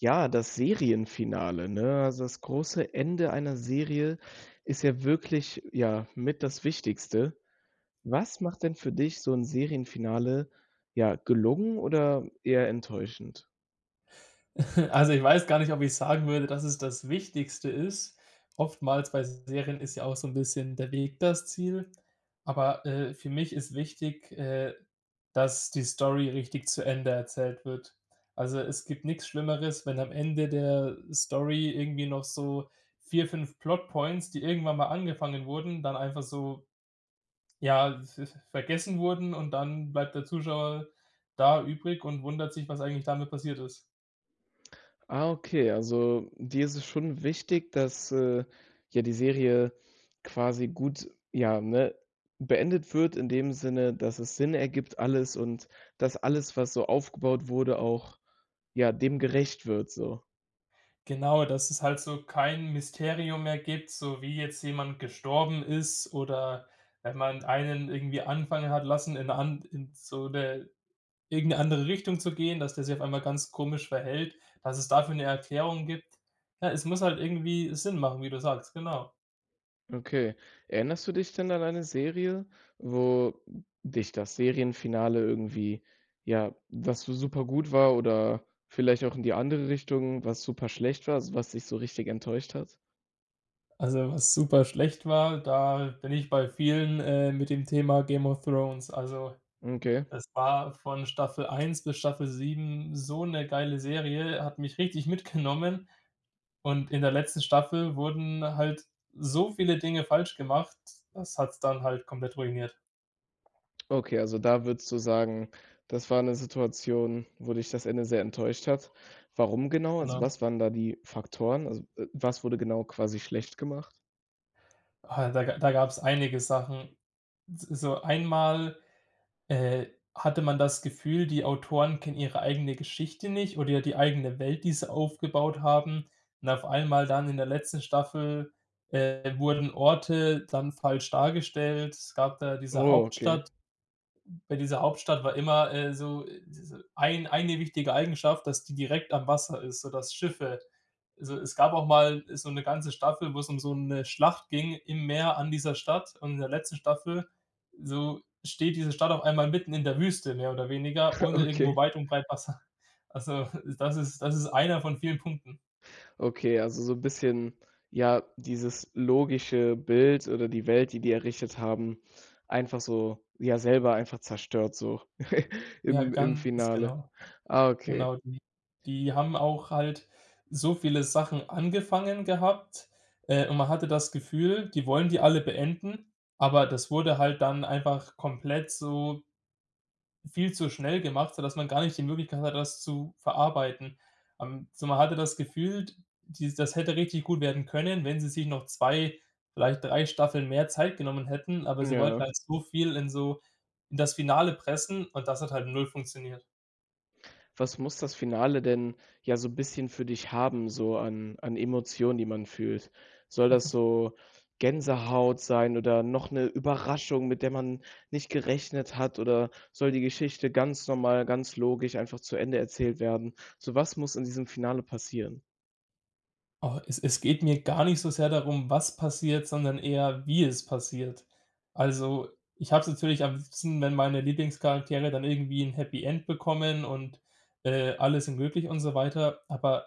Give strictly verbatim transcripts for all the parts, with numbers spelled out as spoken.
Ja, das Serienfinale, ne? Also, das große Ende einer Serie ist ja wirklich, ja, mit das Wichtigste. Was macht denn für dich so 'n Serienfinale, ja, gelungen oder eher enttäuschend? Also, ich weiß gar nicht, ob ich sagen würde, dass es das Wichtigste ist. Oftmals bei Serien ist ja auch so 'n bisschen der Weg das Ziel, aber, äh, für mich ist wichtig, äh, dass die Story richtig zu Ende erzählt wird. Also, es gibt nix Schlimmeres, wenn am Ende der Story irgendwie noch so vier, fünf Plot-points, die irgendwann mal angefangen wurden, dann einfach so, ja, v v vergessen wurden und dann bleibt der Zuschauer da übrig und wundert sich, was eigentlich damit passiert ist. Ah, okay. Also, dir ist es schon wichtig, dass, äh, ja die Serie quasi gut, ja, ne, beendet wird in dem Sinne, dass es Sinn ergibt alles und dass alles, was so aufgebaut wurde, auch ja, dem gerecht wird, so. Genau, dass es halt so kein Mysterium mehr gibt, so wie jetzt jemand gestorben ist oder wenn man einen irgendwie anfangen hat lassen, in 'ner An in so 'ne irgend 'ne andere Richtung zu gehen, dass der sich auf einmal ganz komisch verhält, dass es dafür 'ne Erklärung gibt. Ne, es muss halt irgendwie Sinn machen, wie du sagst, genau. Okay. Erinnerst du dich denn an eine Serie, wo dich das Serienfinale irgendwie, ja was so super gut war oder vielleicht auch in die andere Richtung, was super schlecht war, also was dich so richtig enttäuscht hat? Also, was super schlecht war, da bin ich bei vielen, äh, mit dem Thema Game of Thrones. Also M okay. es war von Staffel eins bis Staffel sieben so 'ne geile Serie, hat mich richtig mitgenommen. Und in der letzten Staffel wurden halt so viele Dinge falsch gemacht, das hat's dann halt komplett ruiniert. Okay, also da würdest du sagen, das war 'ne Situation, wo dich das Ende sehr enttäuscht hat. Warum genau? Also, Genau. was waren da die Faktoren? Also, äh, was wurde genau quasi schlecht gemacht? Ah, da ga da gab's einige Sachen. S so einmal, äh, hatte man das Gefühl, die Autoren kennen ihre eigene Geschichte nicht oder, ja, die eigene Welt, die sie aufgebaut haben. Und auf einmal dann in der letzten Staffel, äh, wurden Orte dann falsch dargestellt. Es gab da diese Oh, okay. Hauptstadt. Bei dieser Hauptstadt war immer, äh, so s so ein eine wichtige Eigenschaft, dass die direkt am Wasser ist, so dass Schiffe also es gab auch mal so 'ne ganze Staffel, wo es um so 'ne Schlacht ging im Meer an dieser Stadt. Und in der letzten Staffel, so, steht diese Stadt auf einmal mitten in der Wüste, mehr oder weniger, ohne irgendwo Okay. weit und breit Wasser. Also das ist das ist einer von vielen Punkten. Okay, also so 'n bisschen, ja, dieses logische Bild oder die Welt, die die errichtet haben, einfach so, ja, selber einfach zerstört, so Ja, im im ganz Finale. genau. Ah, okay. Genau, die die haben auch halt so viele Sachen angefangen gehabt. Äh, und man hatte das Gefühl, die wollen die alle beenden, aber das wurde halt dann einfach komplett so viel zu schnell gemacht, sodass man gar nicht die Möglichkeit hatte, das zu verarbeiten. Ähm, so man hatte das Gefühl, d die das hätte richtig gut werden können, wenn sie sich noch zwei, vielleicht drei Staffeln mehr Zeit genommen hätten, aber M sie wollten ja. halt so viel in so in das Finale pressen und das hat halt null funktioniert. Was muss das Finale denn, ja, so bisschen für dich haben, so an an Emotionen, die man fühlt? Soll das so Gänsehaut sein oder noch 'ne Überraschung, mit der man nicht gerechnet hat? Oder soll die Geschichte ganz normal, ganz logisch einfach zu Ende erzählt werden? So, was muss in diesem Finale passieren? Oh, es es geht mir gar nicht so sehr darum, was passiert, sondern eher, wie es passiert. Also, ich habe es natürlich am liebsten, wenn meine Lieblingscharaktere dann irgendwie 'n Happy End bekommen und, äh, alle sind glücklich und so weiter. Aber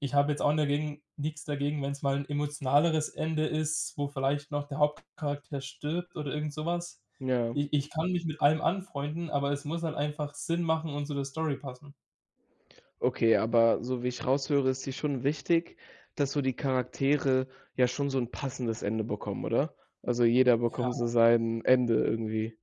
ich habe jetzt auch ni dagegen nix dagegen, wenn's mal 'n emotionaleres Ende ist, wo vielleicht noch der Hauptcharakter stirbt oder irgend sowas. Ja. Ich ich kann mich mit allem anfreunden, aber es muss halt einfach Sinn machen und zu der Story passen. Okay, aber so wie ich raushöre, ist dir schon wichtig, dass so die Charaktere, ja, schon so 'n passendes Ende bekommen, oder? Also jeder bekommt so Ja. sein Ende irgendwie.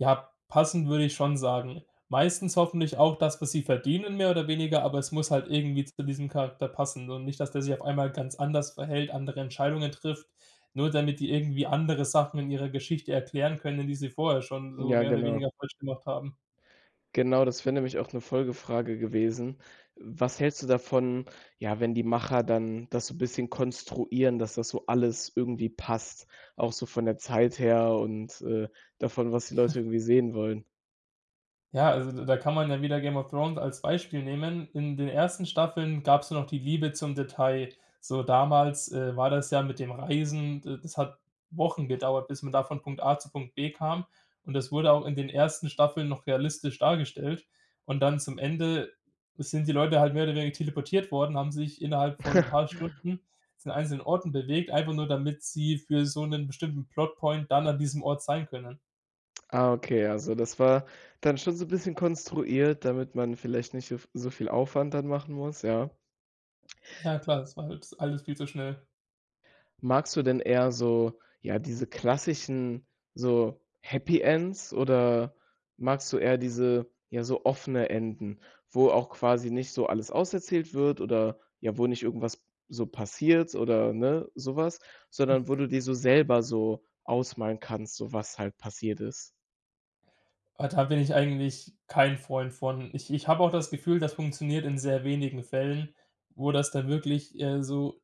Ja, passend würde ich schon sagen. Meistens hoffentlich auch das, was sie verdienen, mehr oder weniger, aber es muss halt irgendwie zu diesem Charakter passen und nicht, dass der sich auf einmal ganz anders verhält, andere Entscheidungen trifft, nur damit die irgendwie andere Sachen in ihrer Geschichte erklären können, die sie vorher schon so Ja, mehr oder genau. weniger falsch gemacht haben. Genau, das wäre nämlich auch 'ne Folgefrage gewesen. Was hältst du davon, ja, wenn die Macher dann das so bisschen konstruieren, dass das so alles irgendwie passt, auch so von der Zeit her und, äh, davon, was die Leute irgendwie sehen wollen? Ja, also d da kann man ja wieder Game of Thrones als Beispiel nehmen. In den ersten Staffeln gab's noch die Liebe zum Detail. So damals, äh, war das ja mit dem Reisen d das hat Wochen gedauert, bis man da von Punkt A zu Punkt B kam. Und das wurde auch in den ersten Staffeln noch realistisch dargestellt. Und dann zum Ende sind die Leute halt mehr oder weniger teleportiert worden, haben sich innerhalb von 'n paar Stunden zu den einzelnen Orten bewegt, einfach nur, damit sie für so 'nen bestimmten Plot-Point dann an diesem Ort sein können. Ah, okay. Also, das war dann schon so 'n bisschen konstruiert, damit man vielleicht nicht so v so viel Aufwand dann machen muss, ja. Ja, klar, das war halt alles viel zu schnell. Magst du denn eher so, ja, diese klassischen, so, Happy Ends oder magst du eher diese, ja, so offene Enden. Wo auch quasi nicht so alles aus erzählt wird, oder, ja, wo nicht irgendwas so passiert oder, ne, sowas. Sondern Hm. wo du dir so selber so ausmalen kannst, so was halt passiert ist? Ah, da bin ich eigentlich kein Freund von. Ich ich habe auch das Gefühl, das funktioniert in sehr wenigen Fällen, wo das dann wirklich, äh, so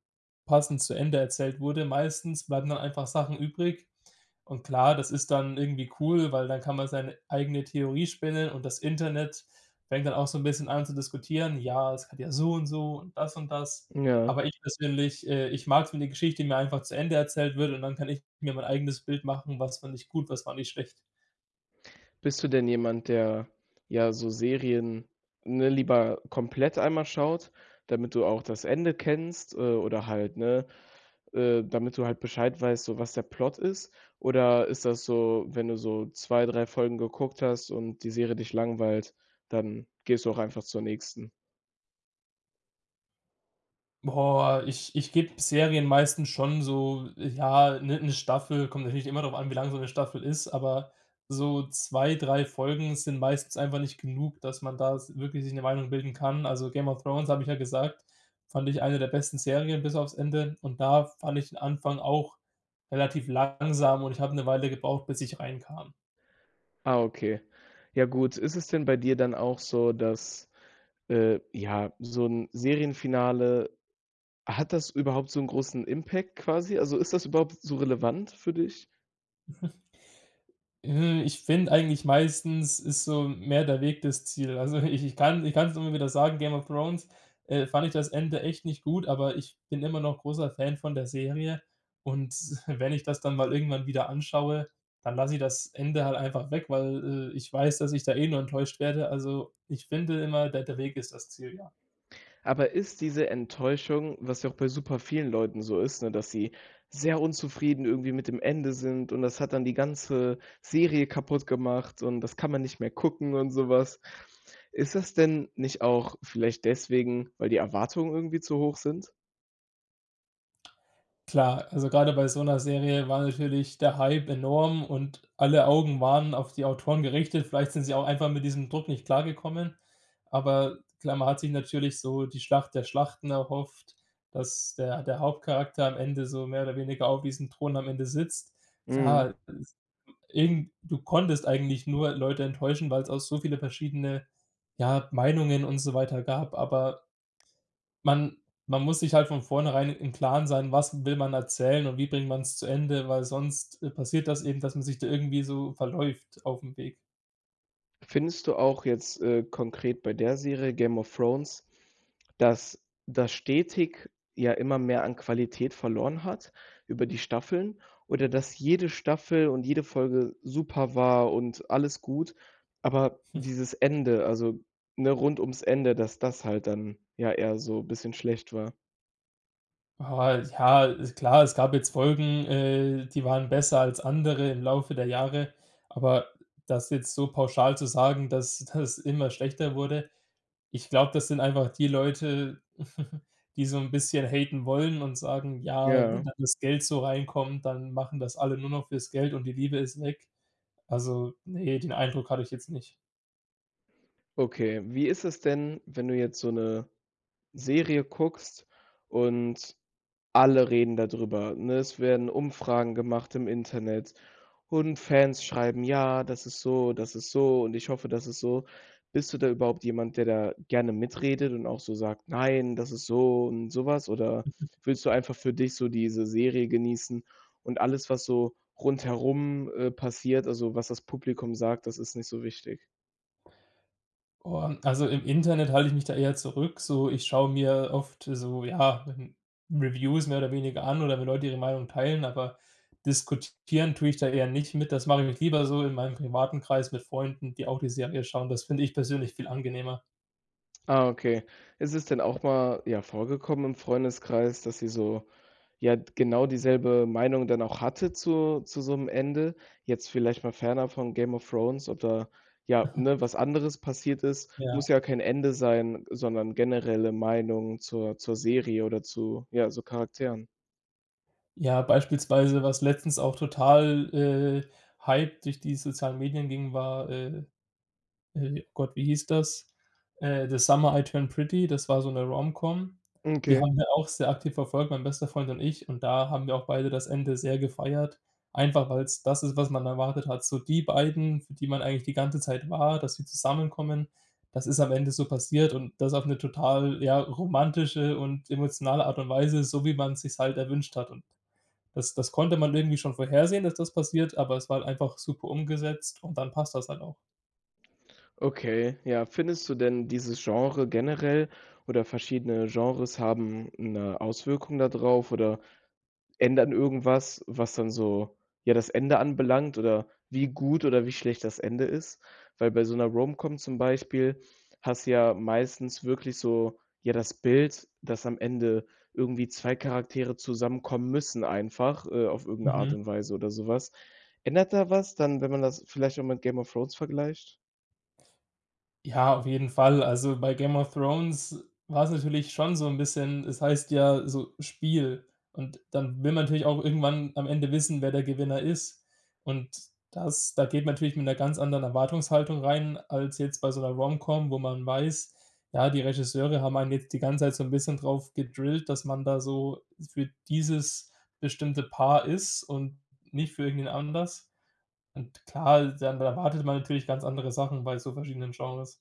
passend zu Ende erzählt wurde. Meistens bleiben dann einfach Sachen übrig. Und klar, das ist dann irgendwie cool, weil dann kann man seine eigene Theorie spinnen und das Internet fängt dann auch so 'n bisschen an zu diskutieren: Ja, es hat ja so und so und das und das. M ja. Aber ich persönlich äh, ich mag's wenn die Geschichte mir einfach zu Ende erzählt wird und dann kann ich mir mein eigenes Bild machen: Was fand ich gut, was fand ich schlecht. Bist du denn jemand, der, ja, so Serien, ne, lieber komplett einmal schaut, damit du auch das Ende kennst. Äh, oder halt ne, äh, damit du halt Bescheid weißt, so was der Plot ist. Oder ist das so, wenn du so zwei, drei Folgen geguckt hast und die Serie dich langweilt, dann gehst du auch einfach zur nächsten? Boah, ich ich gebe Serien meistens schon so, ja, 'ne 'ne Staffel. Kommt natürlich immer drauf an, wie lange so 'ne Staffel ist. Aber so zwei, drei Folgen sind meistens einfach nicht genug, dass man da s wirklich sich 'ne Meinung bilden kann. Also „Game of Thrones“, habe ich ja gesagt, fand ich eine der besten Serien bis aufs Ende. Und da fand ich den Anfang auch relativ langsam. Und ich habe 'ne Weile gebraucht, bis ich reinkam. Ah, okay. Ja, gut. Ist es denn bei dir dann auch so, dass, äh, ja, so 'n Serienfinale hat das überhaupt so 'n großen Impact, quasi? Also, ist das überhaupt so relevant für dich? Hm, ich finde eigentlich meistens ist so mehr der Weg das Ziel. Also ich ich kann ich kann es immer wieder sagen, „Game of Thrones“, äh, fand ich das Ende echt nicht gut, aber ich bin immer noch großer Fan von der Serie. Und wenn ich das dann mal irgendwann wieder anschaue, dann lasse ich das Ende halt einfach weg, weil, äh, ich weiß, dass ich da eh nur enttäuscht werde. Also, ich finde immer, der der Weg ist das Ziel, ja. Aber ist diese Enttäuschung, was ja auch bei super vielen Leuten so ist, ne, dass sie sehr unzufrieden irgendwie mit dem Ende sind und das hat dann die ganze Serie kaputt gemacht und das kann man nicht mehr gucken und sowas. Ist das denn nicht auch vielleicht deswegen, weil die Erwartungen irgendwie zu hoch sind? Klar, also grade bei so 'ner Serie war natürlich der Hype enorm und alle Augen waren auf die Autoren gerichtet. Vielleicht sind sie auch einfach mit diesem Druck nicht klargekommen. Aber klar, man hat sich natürlich so die Schlacht der Schlachten erhofft, dass der der Hauptcharakter am Ende so mehr oder weniger auf diesem Thron am Ende sitzt. Mhm. Klar, äh, s eben, du konntest eigentlich nur Leute enttäuschen, weil's auch so viele verschiedene, ja, Meinungen und so weiter gab. Aber man man muss sich halt von vornherein im Klaren sein, was will man erzählen und wie bringt man's zu Ende, weil sonst, äh, passiert das eben, dass man sich da irgendwie so verläuft aufm Weg. Findest du auch jetzt, äh, konkret bei der Serie, „Game of Thrones“, dass das stetig, ja, immer mehr an Qualität verloren hat, über die Staffeln oder dass jede Staffel und jede Folge super war und alles gut. Aber dieses Ende, also ne, rund ums Ende, dass das halt dann, ja, eher so bisschen schlecht war. Ah, ja, ist klar. Es gab jetzt Folgen, äh, die waren besser als andere im Laufe der Jahre. Aber das jetzt so pauschal zu sagen, dass das immer schlechter wurde. Ich glaube, das sind einfach die Leute, die so 'n bisschen haten wollen und sagen: „Ja, wenn Ja. dann das Geld so reinkommt, dann machen das alle nur noch fürs Geld und die Liebe ist weg.“ Also, ne, den Eindruck hatte ich jetzt nicht. Okay. Wie ist es denn, wenn du jetzt so 'ne Serie guckst und alle reden da drüber, ne? Es werden Umfragen gemacht im Internet und Fans schreiben. Ja, das ist so. Das ist so. Und ich hoffe, das ist so. Bist du da überhaupt jemand, der da gerne mitredet und auch so sagt: „Nein, das ist so und sowas.“ Oder willst du einfach für dich so diese Serie genießen und alles, was so rundherum, äh, passiert. Also, was das Publikum sagt, das ist nicht so wichtig? Boah, also im Internet halte ich mich da eher zurück, so ich schaue mir oft so, ja, hm, Reviews mehr oder weniger an oder wenn Leute ihre Meinung teilen, aber diskutieren tue ich da eher nicht mit. Das mache ich mit lieber so in meinem privaten Kreis mit Freunden, die auch die Serie schauen. Das finde ich persönlich viel angenehmer. Ah, okay. Ist es denn auch mal, ja vorgekommen im Freundeskreis, dass ihr so ja, d genau dieselbe Meinung dann auch hattet zu zu so 'nem Ende? Jetzt vielleicht mal fernab von Game of Thrones oder, ja, Aha. ne, was anderes passiert ist, Ja. muss ja kein Ende sein, sondern generelle Meinung zur zur Serie oder zu, ja, so Charakteren? Ja, beispielsweise, was letztens auch total, äh, hype durch die sozialen Medien ging, war, äh, äh, Gott, wie hieß das? Äh, „The Summer I Turn Pretty“ Das war so 'ne Romcom. Hm, Die okay. haben wir auch sehr aktiv verfolgt, mein bester Freund und ich. Und da haben wir auch beide das Ende sehr gefeiert. Einfach, weil's das ist, was man erwartet hat, so die beiden, für die man eigentlich die ganze Zeit war, dass sie zusammenkommen, das ist am Ende so passiert und das auf 'ne total ja, romantische und emotionale Art und Weise, so wie man sich's halt erwünscht hat. Und das das konnte man irgendwie schon vorhersehen, dass das passiert, aber es war halt einfach super umgesetzt und dann passt das halt auch. Okay. Ja, findest du denn dieses Genre generell oder verschiedene Genres haben 'ne Auswirkung da drauf, oder ändern irgendwas, was dann so, ja, das Ende anbelangt oder wie gut oder wie schlecht das Ende ist? Weil bei so 'ner Romcom zum Beispiel hast du ja meistens wirklich so ja, das Bild, dass am Ende irgendwie zwei Charaktere zusammenkommen müssen einfach, äh, auf irgend 'ne Art Mhm. und Weise oder sowas, ändert da was dann, wenn man das vielleicht auch mit “Game of Thrones“ vergleicht? Ja, auf jeden Fall. Also bei „Game of Thrones“ war es natürlich schon so 'n bisschen es heißt ja so: Spiel. Und dann will man natürlich auch irgendwann am Ende wissen, wer der Gewinner ist. Und dass da geht man natürlich mit einer ganz anderen Erwartungshaltung rein, als jetzt bei so 'ner Romcom, wo man weiß, ja, die Regisseure haben einen jetzt die ganze Zeit so 'n bisschen drauf gedrillt, dass man da so für dieses bestimmte Paar ist und nicht für irgendwen anders. Und klar, dann dann erwartet man natürlich ganz andere Sachen bei so verschiedenen Genres.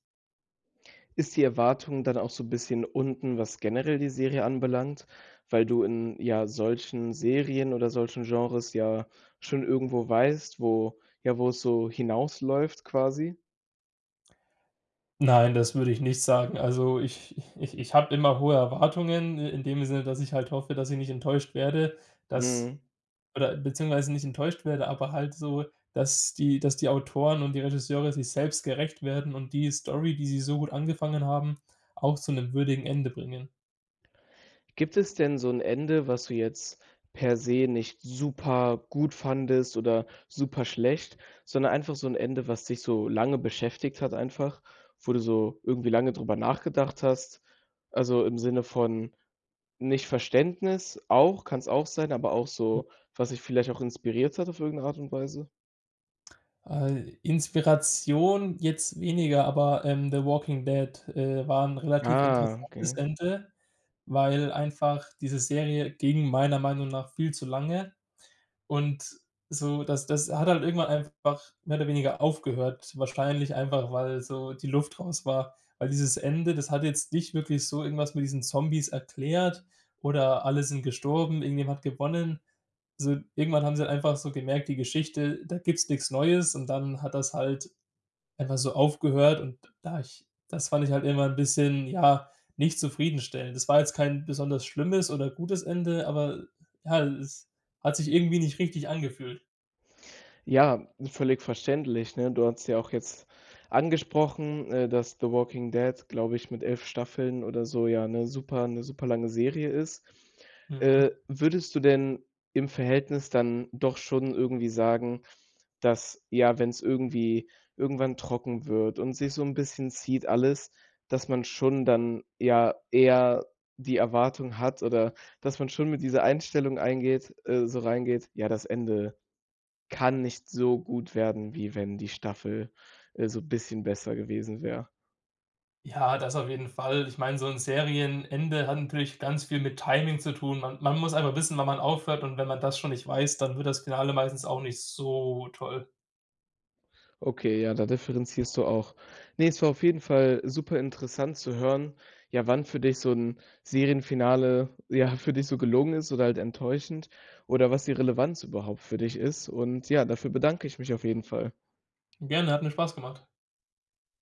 Ist die Erwartung dann auch so 'n bisschen unten, was generell die Serie anbelangt, weil du in ja solchen Serien oder solchen Genres ja schon irgendwo weißt, wo ja, wo es so hinausläuft quasi. Nein, das würde ich nicht sagen. Also, ich ich ich habe immer hohe Erwartungen in dem Sinne, dass ich halt hoffe, dass ich nicht enttäuscht werde, dass Mhm. oder beziehungsweise nicht enttäuscht werde, aber halt so, dass die dass die Autoren und die Regisseure sich selbst gerecht werden und die Story, die sie so gut angefangen haben, auch zu 'nem würdigen Ende bringen. Gibt es denn so 'n Ende, was du jetzt per se nicht super gut fandest oder super schlecht, sondern einfach so 'n Ende, was dich so lange beschäftigt hat einfach? Wo du so irgendwie lange darüber nachgedacht hast? Also, im Sinne von nicht Verständnis, auch, kann's auch sein, aber auch so, was dich vielleicht auch inspiriert hat auf irgendeine Art und Weise? Äh, Inspiration jetzt weniger, aber, ähm, „The Walking Dead“, äh, war 'n relativ Ah, interessantes okay. Ende, weil einfach diese Serie ging meiner Meinung nach viel zu lange und so, das das hat halt irgendwann einfach mehr oder weniger aufgehört, wahrscheinlich einfach, weil so die Luft raus war, weil dieses Ende, das hat jetzt nicht wirklich so irgendwas mit diesen Zombies erklärt oder alle sind gestorben, irgendjemand hat gewonnen. So irgendwann haben sie einfach so gemerkt, die Geschichte, da gibt's nichts Neues. Und dann hat das halt einfach so aufgehört. Und da ich das fand ich halt immer 'n bisschen ja, nicht zufriedenstellend. Das war jetzt kein besonders schlimmes oder gutes Ende. Aber ja, es hat sich irgendwie nicht richtig angefühlt. Ja, völlig verständlich. Ne, du hattest ja auch jetzt angesprochen, äh, dass The Walking Dead, glaube ich mit elf Staffeln oder so ja, 'ne super 'ne super lange Serie ist. Äh, Mhm. würdest du denn im Verhältnis dann doch schon irgendwie sagen, dass, ja, wenn's irgendwie irgendwann trocken wird und sich so 'n bisschen zieht alles, dass man schon dann, ja, eher die Erwartung hat, oder, dass man schon mit dieser Einstellung eingeht äh, so reingeht. Ja, das Ende kann nicht so gut werden, wie wenn die Staffel, äh, so bisschen besser gewesen wäre. Ja, das auf jeden Fall. Ich meine, so 'n Serienende hat natürlich ganz viel mit Timing zu tun. Man man muss einfach wissen, wann man aufhört und wenn man das schon nicht weiß, dann wird das Finale meistens auch nicht so toll. Okay, ja, da differenzierst du auch. Ne, es war auf jeden Fall super interessant zu hören, ja, wann für dich so 'n Serienfinale, ja, für dich so gelungen ist oder halt enttäuschend, oder was die Relevanz überhaupt für dich ist. Und ja, dafür bedanke ich mich auf jeden Fall. Gerne, hat mir Spaß gemacht.